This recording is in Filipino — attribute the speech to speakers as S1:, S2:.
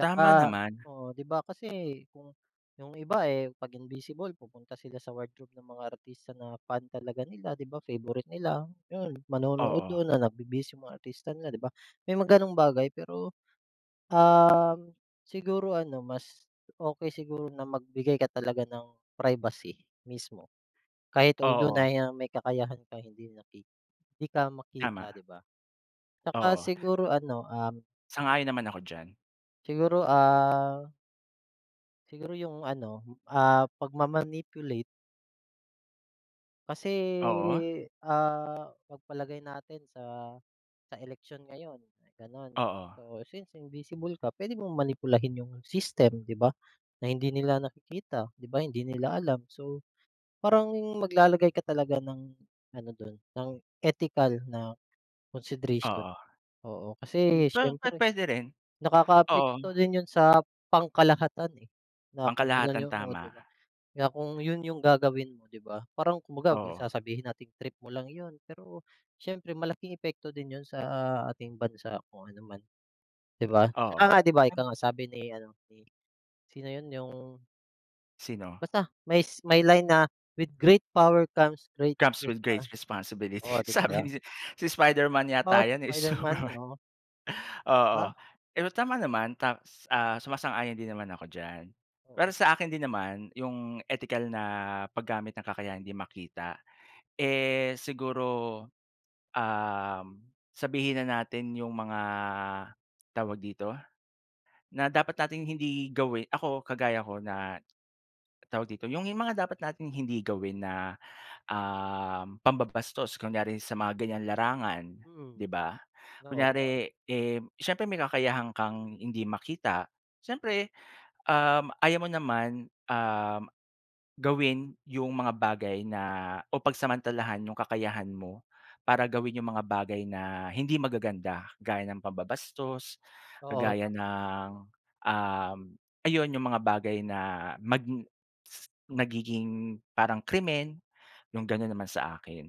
S1: Tama naman.
S2: oo, 'di ba? Kasi kung yung iba eh, 'pag invisible pupunta sila sa wardrobe ng mga artista na fan talaga nila, 'di ba favorite nila, yun. Manonood
S1: Oo.
S2: dun na nagbibihis yung mga artista nila, 'di ba. May mga ganong bagay pero, um, siguro ano, mas, okey siguro na magbigay ka talaga ng privacy mismo, kahit although
S1: Oo.
S2: na ya may kakayahan ka, hindi maki hindi ka
S1: Tama.
S2: makita, 'di ba? 'Tsaka
S1: Oo.
S2: siguro ano, um
S1: Sang-ayon naman ako diyan.
S2: Siguro ah siguro yung ano, ah pag ma-manipulate. Kasi,
S1: Oo.
S2: ah, pagpalagay natin sa sa eleksyon ngayon gano'n.
S1: Oo.
S2: So, since invisible ka, pwede mong manipulahin yung system, 'di ba? Na hindi nila nakikita, 'di ba? Hindi nila alam. So, parang maglalagay ka talaga ng ano dun, ng ethical na consideration.
S1: Oo.
S2: Oo. Kasi
S1: pa
S2: siyempre,
S1: pu-puwede rin. Oo.
S2: nakakaapekto din yun sa pangkalahatan eh, na kung ganun
S1: Pangkalahatan,
S2: yung o 'di
S1: tama.
S2: ba. Kaya kung yun yung gagawin mo,'di ba? Parang kumbaga,
S1: Oo.
S2: sasabihin nating, trip mo lang yun, pero siyempre malaking epekto din yun sa, ah, ating bansa kung ano man, 'di ba.
S1: Oo.
S2: Tsaka nga di ba ika nga, sabi ni ano ni sino yun? Yung
S1: Sino?
S2: Basta may s line na, "With great power comes great
S1: "Comes with great
S2: response"
S1: responsibility."
S2: Oh, 'di
S1: sabi
S2: ba?
S1: ni si Spiderman
S2: Ah,
S1: yata
S2: si
S1: yan eh, si
S2: Spiderman?
S1: Superman.
S2: Oo.
S1: Oo,
S2: Ah.
S1: pero tama naman. Ta ah, sumasang-ayon din naman ako diyan. Pero
S2: Oo,
S1: sa akin
S2: Toto
S1: din naman, yung ethical na paggamit ng kakayahang hindi makita, eh siguro, um, sabihin na natin yung mga, tawag dito? Na dapat nating hindi gawin ako, kagaya ko na, tawag dito? Yung mga dapat nating hindi gawin na, um, pambabastos. Kunyari sa mga ganyang larangan,
S2: Mm.
S1: 'di ba?
S2: Oo. [unintelligible]
S1: Kunyari eh siyempre may kakayahan kang hindi makita, siyempre, um, ayaw mo naman, um, gawin yung mga bagay na o pagsamantalahan yung kakayahan mo para gawin yung mga bagay na hindi magaganda. Gaya ng pambabastos,
S2: Oo.
S1: kagaya
S2: Tama, tama.
S1: ng, um, ayun yung mga bagay na mag si nagiging parang krimen, yung gano'n naman sa akin.